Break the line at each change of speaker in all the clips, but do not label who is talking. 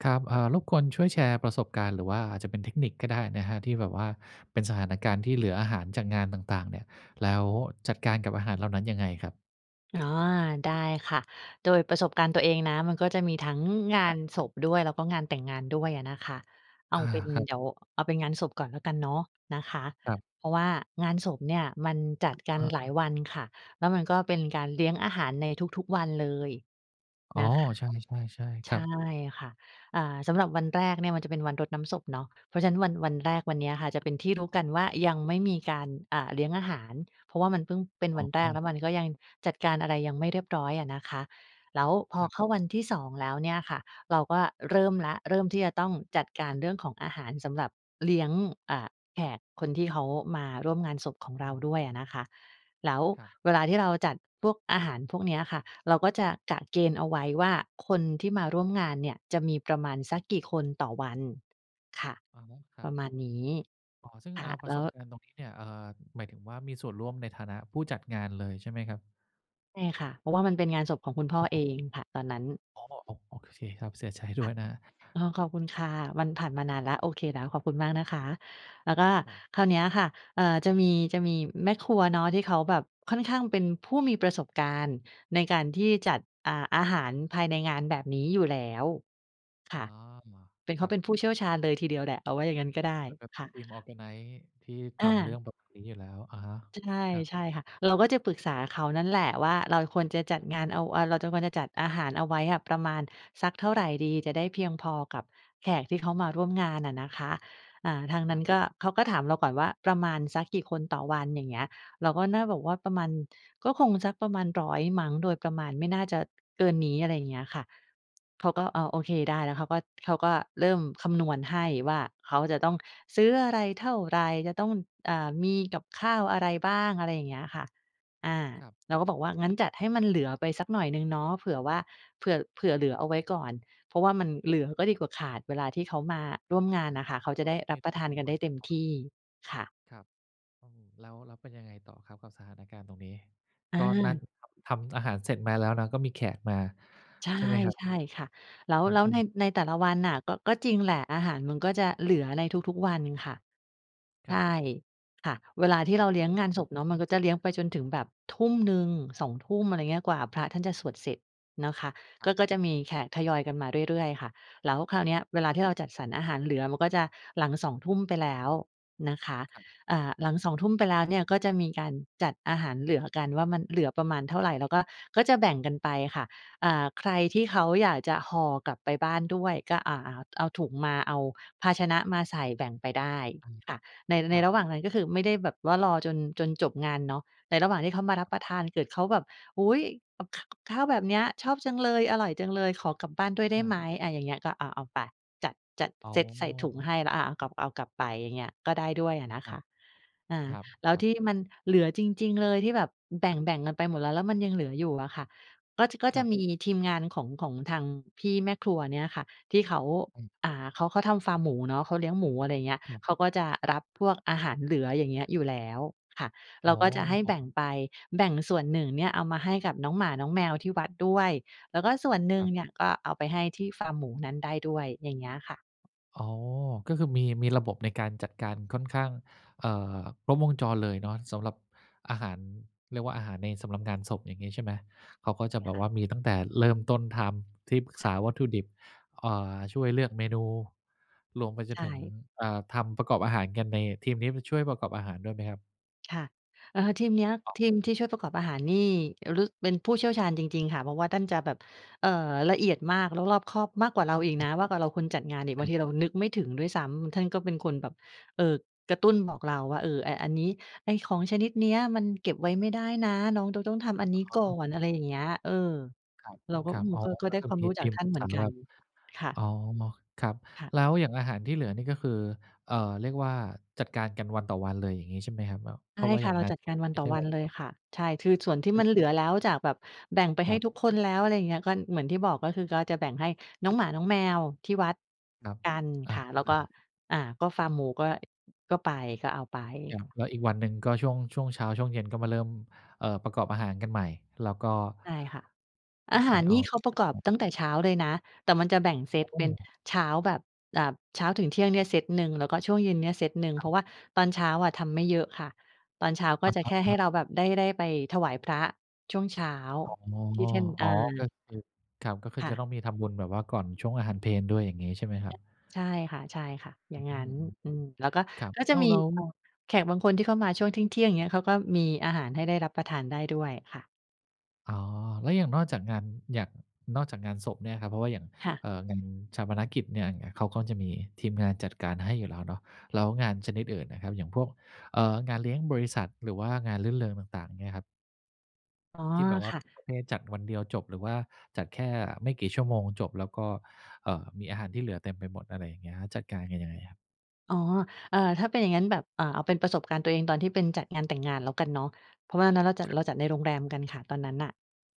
ครับ เอ่อ รบกวนช่วยแชร์ประสบการณ์ หรือว่าอาจจะเป็นเทคนิคก็ได้นะครับ ที่แบบว่าเป็นสถานการณ์ที่เหลืออาหารจากงานต่าง ๆ เนี่ย แล้วจัดการกับอาหารเหล่านั้นยังไงครับ?
อ๋อ ได้ค่ะ โดยประสบการณ์ตัวเองนะ มันก็จะมีทั้งงา
ครั
น
บ
ศพด้วย แล้วก็งานแต่งงานด้วยอะนะคะ เอา
อา
เป็น
ครั
เ
บ
ดี๋ยว เอาเป็นงานศพก่อนแล้วกันเนาะนะคะ
ครับ
เพราะว่างานศพเนี่ยมันจัดกัน
อา
หลายวันค่ะ แล้วมันก็เป็นการเลี้ยงอาหารในทุก ๆ วันเลย
อ๋
น
อ
ะคะ
ใช่ ๆ ๆ
ใ
ค
ช
ร
่
ับ
ค่ะ อา สำหรับวันแรกเนี่ยมันจะเป็นวันรดน้ำศพเนาะ เพราะฉะนั้น วัน วันแรกวันเนี้ยค่ะ จะเป็นที่รู้กันว่ายังไม่มีการ อ่า เลี้ยงอาหาร เพราะว่ามันเพิ่งเป็น
อ
ว
๋
ันแรก
อ
แล้วมันก็ยังจัดการอะไรยังไม่เรียบร้อยอะนะคะ แล้วพอ
ครับ
เข้าวันที่ 2 แล้วเนี่ยค่ะ เราก็เริ่มแล้ว เริ่มที่จะต้องจัดการเรื่องของอาหารสำหรับเลี้ยง อ่า แขกคนที่เขามาร่วมงานศพของเร
อ
า
ือ
ด้วยอะนะคะ แล้ว
ครับ
เวลาที่เราจัดพวกอาหารพวกเนี้ยค่ะ เราก็จะกะเกณฑ์เอาไว้ว่า คนที่มาร่วมงานเนี่ยจะมีประมาณสั
ค
ก
รับ
กี่คนต่อวัน ค่ะ
อ๋อ คร
ป
ั
ร
บ
ะมาณนี้
อ๋อ ซึ่ง
ค
เอ
่ะ
่อ ปร
แล
ะ
้
ส
ว
บการณ์ตรงนี้เนี่ย เอ่อ หมายถึงว่า มีส่วนร่วมในฐานะผู้จัดงานเลยใช่ไหมครับ?
ใช่ค่ะ เพราะว่ามันเป็นงานศพของคุณพ่อ
อ้
เอ
อ
ง ค่ะ ตอนนั้น
อ๋อ โอ้ โอเคครับ เสียใจด้
ค่
ว
ะ
ยนะ
อ๋อ ขอบคุณ
ครับ
ค่ะ มันผ่านมานานแล้ว โอเคแล้ว ขอบคุณมากนะคะ แล้วก็
ครับ
คราวเนี้ยค่ะ เอ่อ จะมี จะมีแม่ครัวเนาะ ที่เขาแบบค่อนข้างเป็นผู้มีประสบการณ์ ในการที่จัด อ่า อาหารภายในงานแบบนี้อยู่แล้ว ค
อ
่
๋อ
ะ เป็น เ
ค
ข
ร
า
ับ
เป็นผู้เชี่ยวชาญเลยทีเดียวแหละ เอาว่าอย่างนั้นก็ได้
เหมือนแบบเป
ค
็
่
น
ะ
ทีม organize ที่
อ
ทำเร
า
ื่องแบบนี้อยู่แล้ว อะฮะ
ใ
ครับ
ช่ ๆ ค่ะ เราก็จะปรึกษาเขานั่นแหละว่า เราควรจะจัด
ครับ
งานเอา เราควรจะจัดอาหารเอาไว้อะ ประมาณสักเท่าไรดี จะได้เพียงพอกับแขกที่เขามาร่วมงานอะนะคะ อ่า ทางน
ค
ั
ร
้
ั
น
บ
ก็ เขาก็ถามเราก่อนว่า ประมาณสักกี่คนต่อวัน? อย่างเงี้ย เราก็น่าบอกว่า "ประมาณก็คงสักประมาณ 100 มั้ง โดยประมาณไม่น่าจะ เกินนี้" อะไรอย่างเงี้ยค่ะ เขาก็ อ้าว เออ โอเคได้แล้วเขาก็ เขาก็เริ่มคำนวณให้ว่า เขาจะต้องซื้ออะไรเท่าไร? จะต้อง อ่า มีกับข้าวอะไรบ้าง? อะไรอย่างเงี้ยค่ะ อา
ครับ
เราก็บอกว่า "งั้นจัดให้มันเหลือไปสักหน่อยหนึ่งเนาะ เผื่อว่า เผื่อ เผื่อเหลือเอาไว้ก่อน" เพราะว่ามันเหลือก็ดีกว่าขาด เวลาที่เขามาร
ค
่วมงาน
รั
น
บ
่ะค่ะ เขา
ก็
จ
เ
ะ
รา
ได้
ก็
ร
ไม
ั
่
บป
ร
ร
ู
ะ
้
ทาน
จ
กัน
ำน
ไ
ว
ด้
น
เ
แน
ต็
่
ม
นอ
ท
น
ี่ ค่ะ
ครับ อือ แล้ว แล้วเป็นยังไงต่อครับกับสถานการณ์ตรงนี้?
อ
ก็นั่น
า
ทำอาหารเสร็จมาแล้วนะ ก็มีแขกมา
ใช
ใช่ไหมครับ?
่ ๆ ค่ะ แล้ว
อ
แ
ื
ล้วใน
อ ๆ
ในแต่ละวันน่ะ ก็ ก็จริงแหละ อาหารมันก็จะเหลือในทุก ๆ วันค่ะ
ค
ใ
ร
ช
ับ
่ ค่ะ เวลาที่
ก
เร
็
าเลี้ยงงานศพเนาะ มันก็จะเลี้ยงไปจนถึงแบบ 19:00 20:00 อะไรอย่างเงี้ย กว่าพระท่านจะสวดเสร็จนะคะ
คร
ก
ั
็
บ
ก็จะมีแขกทยอยกันมาเรื่อย ๆ ค่ะ แล้วคราวเนี้ยเวลาที่เราจัดสรรอาหารเหลือ มันก็จะหลัง 20:00 ไปแล้วนะคะ
ครับ
อ่า หลัง 20:00 ไปแล้วเนี่ย ก็จะมีการจัดอาหารเหลือกันว่า มันเหลือประมาณเท่าไร? แล้วก็ ก็จะแบ่งกันไปค่ะ อ่า ใครที่เขาอยากจะห่อกลับไปบ้านด้วย ก็ อ่า เอาถุงมา เอาภาชนะมาใส่แบ่งไปได้
อา
ค่ะ ใน
ค
ใน
รับ
ระหว่างนั้นก็คือไม่ได้แบบว่ารอจน จนจบงานเนาะ ในระหว่างที่เขามารับประทาน เกิดเขาแบบ "อุ๊ย กับ ข กับข้าวแบบเนี้ย ชอบจังเลย อร่อยจังเลย ขอกลับบ้านด้วยได้
อ
ไ
า
หม?" อะ อย่างเงี้ยก็ อะ เอาไป จัด จัด
อ๋
เซตใส่ถุงใ
อ
ห้แล้ว อ่า เอากลับ เอากลับไปอย่างเงี้ย ก็ได้ด้วยอะนะ
คร
ค
ับ
ะ อา
คร
แล้ว
ับ ๆ
ที่มันเหลือจริง ๆ เลย ที่แบบแบ่ง ๆ กันไปหมดแล้ว แล้วมันยังเหลืออยู่อะค่ะ ก็ จ ก็
ค
จ
ร
ะ
ับ
มีทีมงานของ ของทางพี่แม่ครัวเนี่ยค่ะ ที่เขา
อืม
อ่า เขา เขาทำฟาร์มหมูเนาะ เขาเลี้ยงหมู อะไรอย่างเงี้ย
ครับ
เขาก็จะรับพวกอาหารเหลือ อย่างเงี้ย อยู่แล้วค่ะ เร
อ๋
าก็จะให้แบ่
อ
งไป แบ่งส่วนหนึ่งเนี่ย เอามาให้กับน้องหมาน้องแมวที่วัดด้วย แล้วก็ส่วนหนึ
ค
่
ร
ง
ับ
เนี่ย ก็เอาไปให้ที่ฟาร์มหมูนั้นได้ด้วย อย่างเงี้ยค่ะ
อ๋อ ก็คือมี มีระบบในการจัดการค่อนข้าง เอ่อ ครบวงจรเลยเนาะ สำหรับอาหาร เรียกว่าอาหารในสำหรับงานศพ อย่างงี้ใช่ไหม? เขาก็
ไ
จะ
ง
แ
น
บ
ะค
บ
ะ?
ว่ามีตั้งแต่เริ่มต้นทำ ที่ปรึก
ค
ษ
่
า
ะ
วัตถุดิบ อ่า ช่วยเลือกเมนู รวมไปจ
ใช
นถึง
่
อ่า ทำประกอบอาหารกัน ในทีมนี้มันช่วยประกอบอาหารด้วยไหมครับ?
ค่ะ เออ ทีมเนี้ย
อ๋
ทีมที่
อ
ช่วยประกอบอาหาร นี่ ฤา เป็นผู้เชี่ยวชาญจริง ๆ ค่ะ เพราะว่าท่านจะแบบ เอ่อ ละเอียดมาก แล้วรอบคอบมากกว่าเราอีกนะ มากกว่าเราคนจัดงานอีก บางทีเรานึกไม่ถึงด้วยซ้ำ ท่านก็เป็นคนแบบ เอ่อ กระตุ้นบอกเราว่า เออ ไอ้อันนี้ ไอ้ของชนิดเนี้ย มันเก็บไว้ไม่ได้นะ น้องต้อง ต้องทำอัน
แ
น
ล
ี
้
้
วเข
ก
า
่อ
ก็แบ
น
บ
อ
อ๋
ะไ
อ
รอย่างเงี้ย เออ
ค
เราก็
ร
อ
ั
ื
บ
ม
ๆ อ๋อ
ก็ ก็
ก็
ได้
คือ
ความ
มี
รู้
ท
จา
ี
ก
ม
ท่
ป
า
ร
น
ึก
เหม
ษ
ือ
า
นกั
แบ
น
บ
ค่ะ
อ๋อ ม็อคครับ
ค่ะ
แล้วอย่างอาหารที่เหลือนี่ ก็คือ เอ่อ เรียกว่า จัดการกันวันต่อวันเลย อย่างงี้ใช่ไหมครับ? แบบ
ใ
เ
ช
พ
่
ราะว่า
ค
อ
่
ย
ะ
่าง
เรา
งาน
จัด
ศ
กา
พ
รวัน
ไม
ต
่
่อ
ใช่
วัน
วัน
เล
เดี
ย
ยว
ค่ะ ใช่ คือส่วนที่
อุ๊
มั
ย
นเหลือแล้ว จากแบบแบ่งไป
ค
ให้
รับ
ทุกคนแล้ว อะไรอย่างเงี้ย ก็เหมือนที่บอก ก็คือ ก็จะแบ่งให้น้องหมาน้องแมวที่วัด
ครับ
กัน
อ
ค
า
่ะ แล้วก็
ๆ
อ่า ก็ฟาร์มหมูก็ ก็ไป ก็เอาไป
ครับ แล้วอีกวันหนึ่งก็ช่วง ช่วงเช้า ช่วงเย็นก็มาเริ่ม เอ่อ ประกอบอาหารกันใหม่ แล้วก็
ใช่ค่ะ อา
ไ
ห
ก
า
่
รน
อ
ี่
อ
เขาประกอบตั้
ก
งแต่เช้าเลยนะ แต่มันจะแบ่งเซ
ข
ต
้าวต
เ
้
ป็
ม
น
หมู
เช้าแบบ แบบ เช้าถึงเที่ยงเนี่ยเซตหนึ่ง แล้วก็ช่วงเย็นเนี่ยเซตหนึ่ง
ค
เพรา
ร
ะ
ับ
ว่าตอนเช้าอะทำไม่เยอะค่ะ ตอนเช้าก็
อะ
จะ
ค
แ
ร
ค่ให้
ับ
เร
ๆ
าแบบได้ ได้ไปถวายพระช่วงเช้า
อ๋อ
ที่ท่าน อ
อ๋อ ก
า
็คือ ครับ
ค่ะ
จะต้องมีทำบุญแบบว่าก่อนช่วงอาหารเพลด้วย อย่างงี้ใช่ไหมครับ?
ใช่ค่ะ ๆ อย
อ
่
ื
างงั้น
ม
อืม
ๆ
แล้วก็
ๆ ครับ
ก็
แ
จ
ล
ะ
้ว
มี
แล้
เอ่อ
ว
แขกบางคนที่เขามาช่วงเที่ยง ๆ เงี้ย เขาก็มีอาหารให้ได้รับประทานได้ด้วย ค่ะ
อ๋อ แล้วอย่างนอกจากงาน อย่าง นอกจากงานศพเนี่ยครับ เพราะว่าอย่าง
ค่ะ
เอ่อ งานฌาปนกิจเนี่ย อย่างเงี้ย เขาก็จะมีทีมงานจัดการให้อยู่แล้วเนาะ แล้วงานชนิดอื่นอะครับ อย่างพวก เอ่อ งานเลี้ยงบริษัท หรือว่างานรื่นเริงต่าง ๆ เงี้ยครับ
อ๋อ
ที่แบบว่
ค
า
่
เป็น
ะ
ประเภทจัดวันเดียวจบ หรือว่าจัดแค่ไม่กี่ชั่วโมงจบ แล้วก็ เอ่อ มีอาหารที่เหลือเต็มไปหมด อะไรอย่างเงี้ย จัดการกันยังไงครับ?
อ๋อ เอ่อ ถ้าเป็นอย่างงั้นแบบ อ่า เอาเป็นประสบการณ์ตัวเองตอนที่เป็น จัดงานแต่งงานแล้วกันเนาะ เพราะว่านั้น เราจัด
ครับ
เราจัดในโรงแรมกันค่ะ ตอนนั้นน่ะ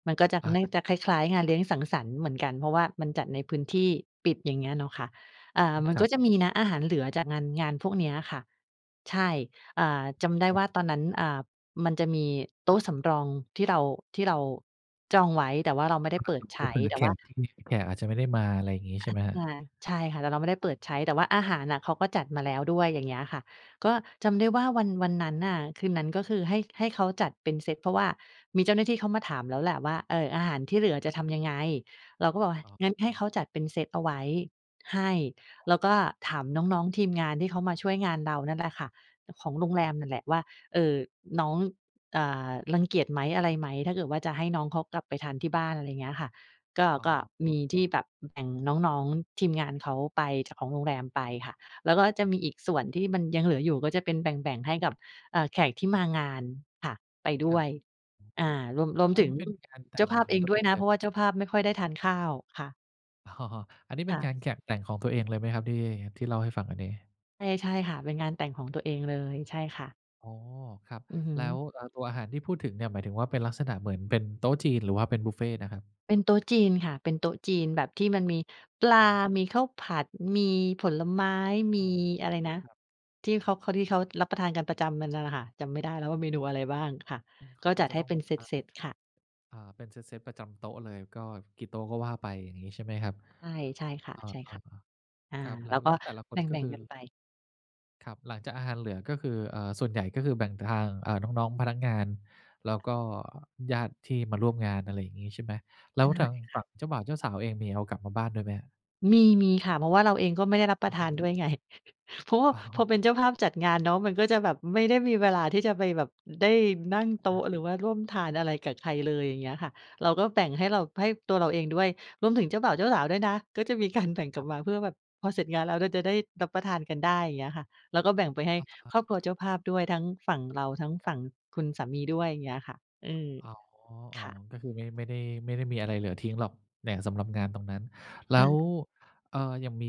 มันก็จะ
อ
น่า
า
จะคล้าย ๆ งานเลี้ยงสังสรรค์เหมือนกัน เพราะว่ามันจัดในพื้นที่ ปิด อย่างเงี้ยเนาะค่ะ อา
อือ
มัน
คร
ก
ั
็
บ
จะมีนะ อาหารเหลือจาก งาน งานพวกเนี้ยอะค่ะ ใช่ อ่า จำได้
ครับ
ว่าตอนนั้น อ่า มันจะมีโต๊ะสำรอง ที่เรา ที่เรา จองไว้ แต่ว่าเราไม่ได้
ล่
เป
า
ิ
ส
ด
ุด
ใช
เป็น
้
เหมือ
แต
น
่
แข
ว่า
กที่ [unintelligible] แขกอาจจะไม่ได้มา อะไรอย่างนี้ ใ
ง
ช่ไหมครับ?
า ใช่ค่ะ แต่เราไม่ได้เปิดใช้ แต่ว่าอาหารอะเขาก็จัดมาแล้วด้วย อย่างเงี้ยค่ะ ก็จำได้ว่า วัน วันนั้นน่ะ คืนนั้นก็คือ ให้ ให้เขาจัดเป็นเซต เพราะว่ามีเจ้าหน้าที่เขามาถามแล้วแหละว่า เอ่อ อาหารที่เหลือจะทำยังไง? เราก็บอกว่า
อ๋อ
งั้นให
เอ
้เข
อ
าจัดเป็นเซตเอาไว้ ให้ แล้วก็ถามน้อง ๆ ทีมงานที่เขามาช่วยงานเรานั่นแหละค่ะ ของโรงแร
คร
ม
ับ
นั่นแหละว่า เอ่อ น้อง อ่า รังเกียจไหม? อะไรไหม? ถ้าเกิดว่าจะให้น้องเขากลับไปทานที่บ้าน อะไรอย่างเงี้ยค่ะ ก็ ก็
อ
ม
๋
ีที่
อ
แบบแบ่งน้อง ๆ ทีมงานเขาไปจากของโรงแรมไปค่ะ แล้วก็จะมีอีกส่วนที่มันยังเหลืออยู่ก็จะเป็นแบ่ง ๆ ให้กับ เอ่อ แขกที่มางาน ค่ะ ไปด
ค
้
ร
ว
ับ
ย
อือฮ
อ
ึ
่า รวม รวม
อ อั
ถ
น
ึ
น
ง
ี้เป็นงานแต
เจ้
่
า
ง
ภาพ
ข
เ
อ
อ
ง
ง
ตัว
ด้
เ
ว
อ
ย
ง
นะ
เ
เ
ล
พ
ย
ราะว่าเจ้าภาพไม่ค่อยได้ทานข้าวค่ะ
อ๋อ อันนี้
ค
เป็
่
น
ะ
การแขบแต่งของตัวเองเลยไหมครับ ที่ ที่เล่าให้ฟังอันนี้
ใช่ ใช่ค่ะ เป็นงานแต่งของตัวเองเลย ใช่ค่ะ
อ๋อ ครับ
อือฮึ
แล้ว เอ่อ ตัวอาหารที่พูดถึงเนี่ย หมายถึงว่าเป็นลักษณะเหมือนเป็นโต๊ะจีน หรือว่าเป็นบุฟเฟ่ต์นะครับ?
เป็นโต๊ะจีนค่ะ เป็นโต๊ะจีน แบบที่มันมีปลา มีข้าวผัด มีผลไม้ ม
อ
ี
ืม
อะไรนะ
ครับ
ที่เขา เขาดิ ที่เขารับประทานกันประจำ น่ะ น่ะค่ะ จำไม่ได้แล้วว่าเมนูอะไรบ้างค่ะ
อือ เ
ก
ข
็
าก็
จัด
จะ
ให้
ต้อง
เป็
แบ
น
บ
เ
ว่า
ซต ๆ ค่ะ
อา เป็นเซต ๆ ประจำโต๊ะเลย ก็กี่โต๊ะก็ว่าไป อย่างงี้ใช่ไหมครับ?
ใช่ ใช่ค่ะ
อา
ๆ อา
ๆ ครับ แล
แ
้
ล้
ว
ว
แ
ก
ล
็
้วแต่ละค
แบ
น ก็
่
ค
ง
ือ
ๆ กันไป
ครับ หลังจากอาหารเหลือ ก็คือ เอ่อ ส่วนใหญ่ก็คือแบ่งทาง เอ่อ น้อง ๆ พนักงาน แล้วก็ญาติที่มาร่วมงาน อะไรอย่างงี้ใช่ไหม? แล
ใช
้
่
วทาง
ค
ฝ
่
ั่
ะ
งเจ้าบ่าว เจ้าสาวเอง มีเอากลับมาบ้านด้วยไหม?
มี ๆ ค่ะ เพราะว่าเราเองก็ไม่ได้รับป
อ
ระท
ื
านด้
ม
วยไง เพราะว่า
อ๋
พอ
อ
เป็นเจ้าภาพจัดงานเนาะ มันก็จะแบบไม่ได้มีเวลาที่จะไปแบบ ได้นั่งโต
ค
๊
รับ
ะหรือว่าร่วมทานอะไรกับใครเลย อย่างเงี้ยค่ะ เราก็แบ่งให้เรา ให้ตัวเราเองด้วย รวมถึงเจ้าบ่าว เจ้าสาวด้วยนะ ก็จะมีการแบ่งกล
คร
ับ
ับ
มาเพื่อแบบ พอเสร็จงานแล้ว เราจะได้รับประทานกันได้ อย่างเงี้ยค่ะ แล้วก็แบ่งไปให้
อ้อ
ครอบครัวเจ้าภาพด้วย ทั้งฝั่งเรา ทั้ง
ค
ฝ
รับ
ั่งคุณสามีด้วย อย่างเงี้ยค่ะ อืม
อ๋อ อ
ค
๋อ
่ะ
ก็คือ ไม่ ไม่ได้ ไม่ได้มีอะไรเหลือทิ้งหรอก แหล่งสำหรับงานตรงนั้น แล
ค่
้ว
ะ
เอ่อ อย่างมี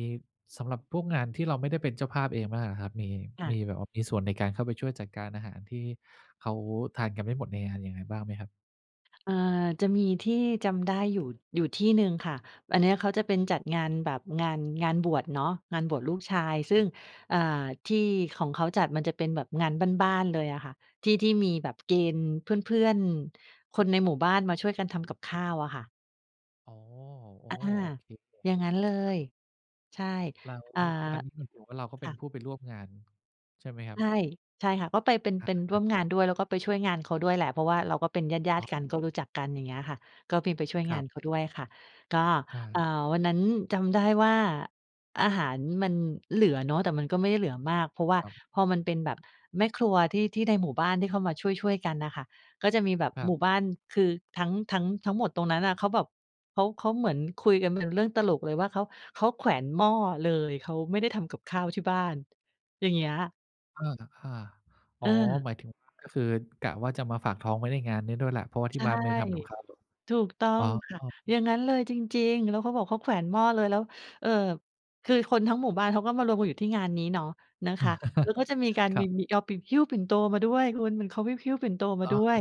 สำหรับพวกงานที่เราไม่ได้เป็นเจ้าภาพเองมั่งอะครับ มี
ค่
ม
ะ
ีแบบว่า มีส่วนในการเข้าไปช่วยจัดการอาหาร ที่เขาทานกันไม่หมดในงานยังไงบ้างไหมครับ?
เอ่อ จะมีที่จำได้อยู่ อยู่ที่หนึ่งค่ะ อันเนี้ยเขาจะเป็นจัดงานแบบ งาน งานบวชเนาะ งานบวชลูกชาย ซึ่ง อ่า ที่ของเขาจัดมันจะเป็นแบบงานบ้าน ๆ เลยอะค่ะ ที่ ที่มีแบบเกณฑ์เพื่อน ๆ คนในหมู่บ้านมาช่วยกันทำกับข้าวอะค่ะ
อ๋อ โอ
อ
้
า
โอเค
อย่างงั้นเล
ครับ
ย ใช่
แล้ว
อ่า
อันนี้หมายถึงว่าเราก็
ค
เป็
่
น
ะ
ผู้ไปร่วมงาน ใช่ไหมครั
ใ
บ?
ช่ ใช่ค่ะ ก็ไป เป็น
ค
เป็นร
ร
่ว
ับ ๆ
มงานด้วย แล้วก็ไปช่วยงานเขาด้วยแหละ เพราะว่าเราก็เป็นญาต
อ๋
ิ ๆ กั
อ
นก็รู้จักกัน อย่างเงี้ยค่ะ ก็มีไปช่วย
ค
ง
ร
า
ับ
นเขาด้วยค่ะ ก็
อ
อ่า
า
วันนั้นจำได้ว่า อาหารมันเหลือเนาะ แต่มันก็ไม่ได้เหลือมาก เพราะว่า
ครับ
พอมันเป็นแบบแม่ครัว ที่ ที่ในหมู่บ้านที่เขามาช่วย ๆ กันน่ะค่ะ ก็จะมีแบบ
ครั
หม
บ
ู่บ้าน คือ ทั้ง ทั้ง ทั้งหมดตรงนั้นน่ะ เขาแบบ เขา เขาเหมือนคุยกันเป็นเรื่องตลกเลย ว่าเขา เขาแขวนหม้อเลย เค้าไม่ได้ทำกับข้าวที่บ้าน อย่างเงี้ย
เออ อา อ๋
เ
อ
ออ
หมายถึงว่า ก็คือกะว่าจะมาฝากท้องไว้ในงานนี้ด้วยแหละ เพราะว่าท
ใ
ี
ช
่
่
บ้านไม่ได้ทำกับข้าว
ถูกต้อ
อ๋
งค่ะ
อ
อย่างงั้นเลยจริง ๆ แล้วเขาบอกเขาแขวนหม้อเลย แล้ว เออ คือ คนทั้งหมู่บ้านเขาก็มารวมกันอยู่ที่งานนี้เนาะ นะคะ แล้วเขาจะมีการ
คร
ม
ั
ี
บ
มีเราไปหิ้วปิ่นโตมาด้วยคุณ เขาไปหิ้วปิ่นโตมา
อ๋อ
ด
อ
้
ะ
ว
ฮ
ย
ะ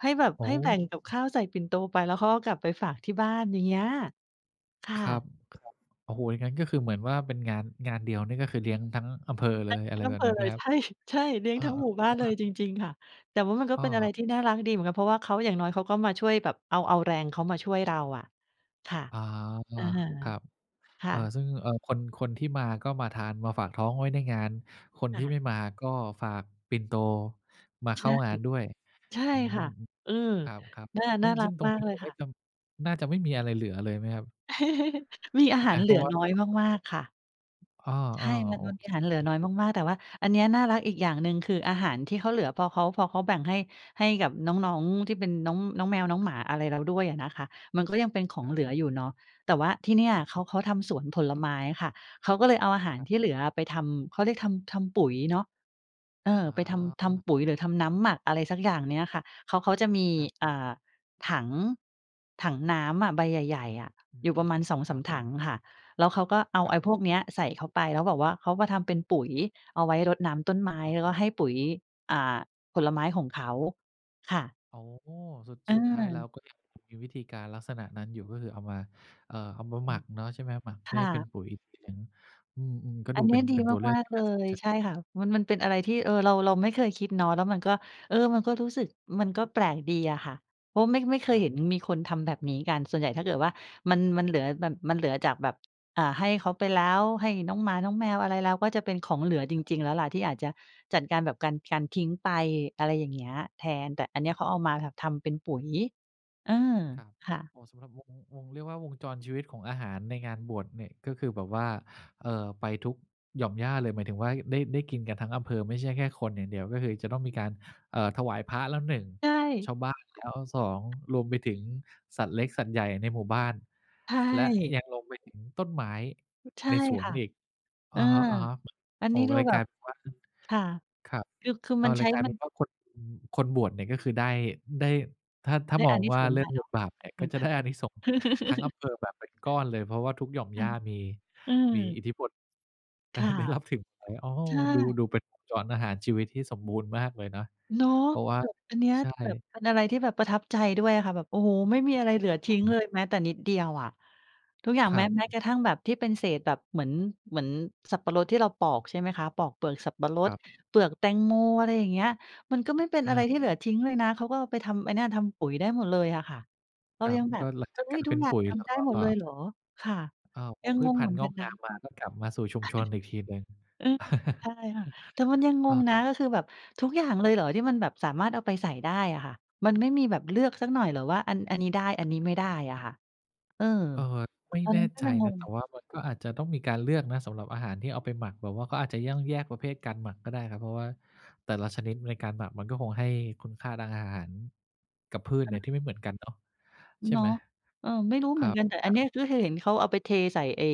ให้แบบ
โอ้
ให้แบ่งกับข้าวใส่ปิ่นโตไปแล้วเขาก็กลับไปฝากที่บ้าน อย่างเงี้ย ค่
ครั
ะ
บ โอ้โฮ! งั้นก็คือเหมือนว่าเป็น งาน งานเดียวนี่ ก็คือเลี้ยงทั้งอำเภอเ
ใ
ล
ช่
ย อ
ท
ะ
ั
ไ
้
ร
งอ
แบ
ำเภ
บ
อ
นั้น
เ
ไห
ล
ม
ย
ครั
ใ
บ?
ช่ ๆ เลี้ย
เ
ง
ออ
ทั้งหมู่
ๆ โอ
บ
้
้า
โฮ
นเล
คร
ย
ับ
จริง ๆ ค่ะ แต่ว่ามันก็
อ
เป็นอะไร
า
ที่น่ารักดีเหมือนกัน เพราะว่าเขา อย่างน้อยเขาก็มาช่วยแบบ เอา เอาแรงเขามาช่วยเราอะ ค่ะ
อา
อะฮะ
ๆ ครับ
ค
เ
่
ออ
ะ
ซึ่ง เออ คน คนที่มาก็มาทานมาฝากท้องไว้ในงาน คน
ค
ที่
่
ไ
ะ
ม่มาก็ฝากปิ่นโตมาเ
ใ
ข
ช
้า
่
งานด้วย
ใช่
อื
ค
ม
่ะ อืม
ครับ
น่า
ๆ ซึ
น
่
่า
ง
รั
ซึ่ง
ก
ตร
ม
ง
าก
นี้
เล
เด
ย
ี๋ยวค
ค
่
่
อย
ะ
ทำ น่าจะไม่มีอะไรเหลือเลยไหมครับ?
มีอาหา
อ
ร
า
เ
เ
ห
พ
ล
รา
ื
ะ
อ
ว่า
น้อยมาก ๆ ค่ะ
อา
ใช่ มัน
ๆ โอ
มันม
เ
ี
ค
อาหารเหลือน้อยมาก ๆ แต่ว่าอันเนี้ยน่ารักอีกอย่างหนึ่ง คือ อาหารที่เขาเหลือ พอเขา พอเขาแบ่ง ให้ ให้กับน้อง ๆ ที่เป็น น้อง น้องแมว น้องหมาอะไรแล้วด้วยอะนะคะ มันก็ยังเป็นของ
ครับ
เหลืออยู่เนาะ แต่ว่าที่เนี่ย
ครับ
เขา เขาทำสวนผลไม้ค่ะ เขาก็เลยเอาอาหาร
ครับ
ที่เหลือไปทำ เขาเรียก ทำ ทำปุ๋ยเนาะ เออ
อา
ไป ทำ ท
อา
ำปุ๋ย หรือทำน้ำหมัก อะไรสักอย่างเนี่ยค่ะ เขา เขาจะมี
ครับ
อ่า ถัง ถังน้ำอะ ใบใหญ่ ๆ อะ
อืม
อยู่ประมาณ สอง
ค
ส
ร
า
ั
ม
บ
ถังค่ะ แล้วเขาก็เอา
คร
ไ
ั
อ
บ
้พวกเนี้ยใส่เข้าไป แล้วบอกว่าเขามาทำเป็นปุ๋ย เอาไว้รดน้ำต้นไม้
ครับ
แล้วก็ให้ปุ๋ย อ่า ผลไม้ของเขา ค่ะ
โอ้โฮ สุด สุดท้ายแล้
เออ
ว ก็ยังมีวิธีการลักษณะนั้นอยู่ ก็คือเอามา เอ่อ เอามา
อ
ห
ื
มั
ม
กเนาะ ใช่ไหมครับ? หมักเ
ค
พื่อ
่
ให้เป็น
ะ
ปุ๋ย [unintelligible] อืม ๆ ก็
อั
ดู
นนี
เป
้
็น
ดี
เป็นตัวเลื
ม
อก
า
ท
ก
ี่
ๆ เล
น่าสน
ย
ใจ
ใช่ค่ะ มัน มันเป็นอะไรที่ เออ เรา เราไม่เคยคิดเนาะ แล้วมันก็ เออ มันก็รู้สึก มันก็แปลกดีอะค่ะ เพราะ ไม่ ไม่เค
ค
ย
รั
เ
บ
ห็นมีคนทำแบบนี้กัน ส่วนใหญ่ถ้าเกิดว่า มัน มันเหลือแบบ มันเหลือจากแบบ อ่า ให้เขาไปแล้ว ให้น้องหมา น้องแมว อะไรแล้ว ก็จะเป็นของเหลือจริง ๆ แล้วแหละ ที่อาจจะจัดการแบบ การ การทิ้งไป อะไรอย่างเงี้ยแทน แต่อันเนี้ยเขาเอามาทำเป็นปุ๋ย เออ
ครับ
ค่ะ
เหมาะสำหรับ วง วง เรียกว่าวงจรชีวิตของอาหารในงานบวชเนี่ย ก็คือแบบว่า เอ่อ ไปทุกหย่อมหญ้าเลย หมายถึงว่า ได้ ได้กินกันทั้งอำเภอ ไม่ใช่แค่คนอย่างเดียว ก็คือจะต้องมีการ เอ่อ ถวายพระแล้ว 1
ใ
ช
ช่
าวบ้านแล้ว 2 รวมไปถึงสัตว์เล็กสัตว์ใหญ่ในหมู่บ้าน
ใช
และ
่
ยังรวมไปถึงต้นไม้
ใช่
ในสว
ค
น
่ะ
อีก
เ
อ
ออ
ะฮะ
อั
ๆ
น
โอ้
นี้
โฮ!
ดู
เลย
แบ
กล
บ
ายเป็นว่า
ค่ะ
ครับ
คือ คือ
อ
ม
้
ั
า
น
ว
ใช
ร
้
ายการ
มั
น
น
ี้ก็คน คนบวชเนี่ยก็คือ ได้ ได้ ถ้า ถ้
ไ
า
ด้
ม
อ
อ
า
ง
นิ
ว่
ส
า
งส
เร
์
ื
แ
่
หล
อง
ะเ
บ
นาะ
ทบาทเนี่ย
อ
ก
ื
็
อ
จะ
ฮึ
ได้อานิสงส์ทั้งอำเภอแบบเป็นก้อนเลย เพราะว่าทุกหย่อม
ค
ห
่
ญ
ะ
้า มี
อื
มี
ม
อิทธิพล อ
ค
ะ
่
ฮ
ะ
ะ ได้รับถึงไร อ้อ
ใช
ดู
่
ดูเป็นวงจรอาหารชีวิตที่สมบูรณ์มากเลยนะ
เนาะ
เพราะว่า
แบบอันเนี้ย
ใช
แบบ
่
เป็นอะไรที่แบบประทับใจด้วยอะค่ะ แบบ โอ้โฮ!ไม่มีอะไรเหลือทิ้
อ
ง
ื
เ
ม
ลยแม้แต่นิดเดียวอะ ทุกอย่าง
คร
แม้
ับ
แม้กระทั่งแบบที่เป็นเศษแบบ เหมือน เหมือนสับปะรดที่เราปอก ใช่ไหมคะ ปอกเปลือกสับปะร
ค
ด
รับ
เปลือกแตงโม อะไรอย่าเงี้ย มันก็ไม่เป็น
อ
อะไร
า
ที่เหลือทิ้งเลยนะ เขาก็ไปทำไอ้เนี่ย ทำปุ๋ยได้หมดเลยอะค่ะ เร
ค
า
รั
ย
บ
ังแบ
ก
บ
็หลัง
เฮ
จา
้
กก
ย!
ลาย
ทุ
เป
ก
็น
อย่า
ป
ง
ุ๋ย
ท
แล้
ำไ
ว
ด้
ก็
หมดเลยเหรอ? ค่ะ
อ้าว พ
ยั
อ
ง
พื
ง
ช
ง
พ
เ
ั
หม
น
ื
ธ
อ
ุ์
น
ง
กั
อ
น
ก
น
งา
ะ
มมา ก็กลับมาสู่ชุ
ใช
ม
่
ชนอีกทีหนึ่ง
เออ นั่นคือ ใช่ค่ะ แต่มันยังง
อ
ง
า
นะ ก็คือแบบทุกอย
คร
่
ับ
างเลยเหรอที่มันแบบสามารถเอาไปใส่ได้อะค่ะ? มันไม่มีแบบเลือกสักหน่อยเหรอว่า อัน อันนี้ได้ อันนี้ไม่ได้อะค่ะ? เออ
เออ ไม่
ตอน
แน
น
่
ั้นก็
ใจ
ยังง
นะ
ง
แต่ว่ามันก็อาจจะต้องมีการเลือกนะ สำหรับอาหารที่เอาไปหมัก แบบว่าเขาอาจจะต้องแยกประเภทการหมักก็ได้ครับ เพราะว่าแต่ละชนิดในการหมักมันก็คงให้คุณค่าทางอาหารกับพืช
เ
เนี
ออ
่ยที่ไม่เหมือนกันเนาะ ใช่
เนา
ไ
ะ
หม?
เออ ไม่รู้
ค
เห
ร
มื
ั
อน
บ
กัน แต่
ค
อั
ร
น
ั
เนี้ย
บ
คือเห็นเขาเอาไปเทใส่ไอ้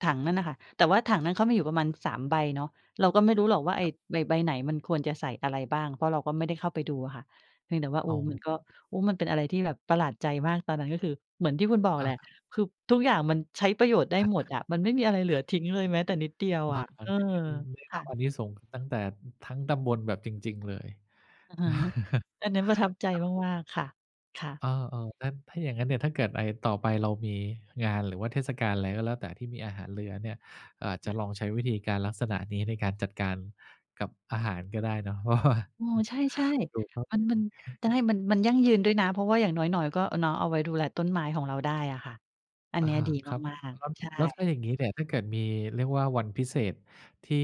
ถังนั่นน่ะค่ะ แต่ว่าถังนั้นเขามีอยู่ประมาณ 3 ใบเนาะ เราก็ไม่รู้หรอกว่าไอ้
ครับ
ใบ ใบไหนมันควรจะใส่อะไรบ้าง เพราะเราก็ไม่ได้เข้าไปดูค่ะ เพียงแต่ว่า โอ
อ
้!
๋
มั
อ
นก็ โอ้! มันเป็นอะไรที่แบบประหลาดใจมาก ตอนนั้นก็คือ เหมือนที่คุณบอกแหล
อ
ะ
า
คือทุกอย่างมันใช้ประโยชน์ได้
อะ
หม
ฮ
ด
ะ
อะ มันไม่มีอะไรเหลือทิ้งเลยแม้แต่นิดเดียวอะ เออ
ได้
ค
ร
่
ับ
ะ
อานิสงส์ตั้งแต่ทั้งตำบลแบบจริง ๆ เลย
อือฮึ อันนั้นประทับใจ
ครับ
มาก ๆ ค่ะ ค่ะ
อา ๆ นั่นถ้าอย่างงั้นเนี่ย ถ้าเกิด อา ต่อไปเรามีงาน หรือว่าเทศกาล อะไรก็แล้วแต่ ที่มีอาหารเหลือเนี่ย เราอาจ
ค
จะ
่ะ
ลองใช้วิธีการลักษณะนี้ในการจัดการกับอาหารก็ได้เนาะ เพราะว่า
อืม ใช่ ๆ มัน มัน จะให้ มัน มันยั่งยืนด้วยนะ เพราะว่าอย่างน้อย ๆ ก็เนาะ เอาไว้ดูแลต้นไม้ของเราได้อะค่ะ อัน
อ
เน
า
ี้ยดี
ครับ
มาก
ครับ
ๆ ใช
แล้วถ้
่
าอย่างนี้เนี่ย ถ้าเกิดมีเรียกว่าวันพิเศษที่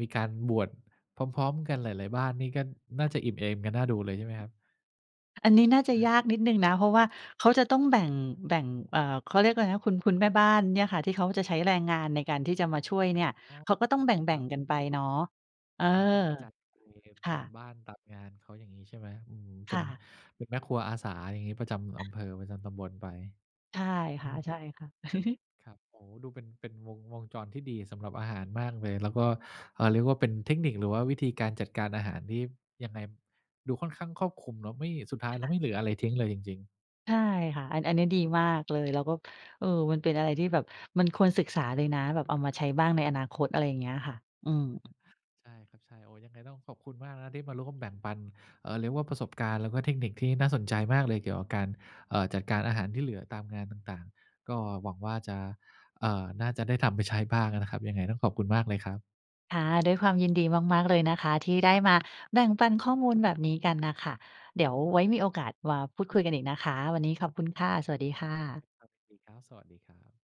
มีการบวชพร้อม ๆ กันหลาย ๆ บ้านนี่ ก็น่าจะอิ่มเอมกันน่าดูเลยใช่ไหมครับ?
อันนี้น่าจะ
อา
ยากนิดหนึ่งนะ เพราะว่าเขาจะต้อง แบ่ง แบ่ง เออ เขาเรียกว่าอะไรนะ คุณ คุณแม่บ้านเนี่ยค่ะ ที่เขาจะใช้แรงงานในการที่จะมาช่วยเนี่ย
อ๋อ
เขาก็ต้องแบ
คร
่
ั
ง
บ
ๆ กันไปเนาะ เออ
อ๋อ ต้องไปจัดบริเวณ
ค่
ต
ะ
ามบ้าน ตามงานเขา อย่างงี้ใช่ไหม? อืม เป
ค
็
่
น
ะ
เป็นแม่ครัวอาสา อย่างงี้ ประจำ
อา
อำเภอ ประจำตำบลไป
ใช่ค
อืม
่ะ ๆ
ครับ ครับ โอ้โห! ดู เป็น เป็น วง วงจรที่ดีสำหรับอาหารมากเลย แล้วก็ เออ เรียกว่าเป็นเทคนิค หรือว่าวิธีการจัดการอาหารที่ ยังไง ดูค่อนข้างครอบคลุมเนาะ ไม่ สุดท้า
ใ
ย
ช
แล้
่
วไม่เหลืออะไรทิ้งเลยจริง ๆ
ใช่ค่ะ อัน อันนี้ดีมากเลย แล้วก็ เออ มันเป็นอะไรที่แบบมันควรศึกษาเลยนะ แบบเอามาใช้บ้างในอนาคต อะไรอย่างเงี้ยค่ะ อืม
[unintelligible] ใช่ครับ ใช่ โอ้! ยังไงต้องขอบคุณมากนะที่มาร่วมแบ่งปัน เออ เรียกว่าประสบการณ์ แล้วก็เทคนิคที่น่าสนใจมากเลยเกี่ยวกับการ เอ่อ จัดการอาหารที่เหลือตามงานต่าง ๆ ก็หวังว่าจะ เออ น่าจะได้ทำไปใช้บ้างอะนะครับ ยังไงต้องขอบคุณมากเลยครับ
ค่ะ ด้วยความยินดีมาก ๆ เลยนะคะ ที่ได้มาแบ่งปันข้อมูลแบบนี้กันน่ะค่ะ เดี๋ยวไว้มีโอกาสมาพูดคุยกันอีกนะคะ วันนี้ขอบคุณค่ะ สวัสดีค่ะ
ครับ ยินดีครับ สวัสดีครับ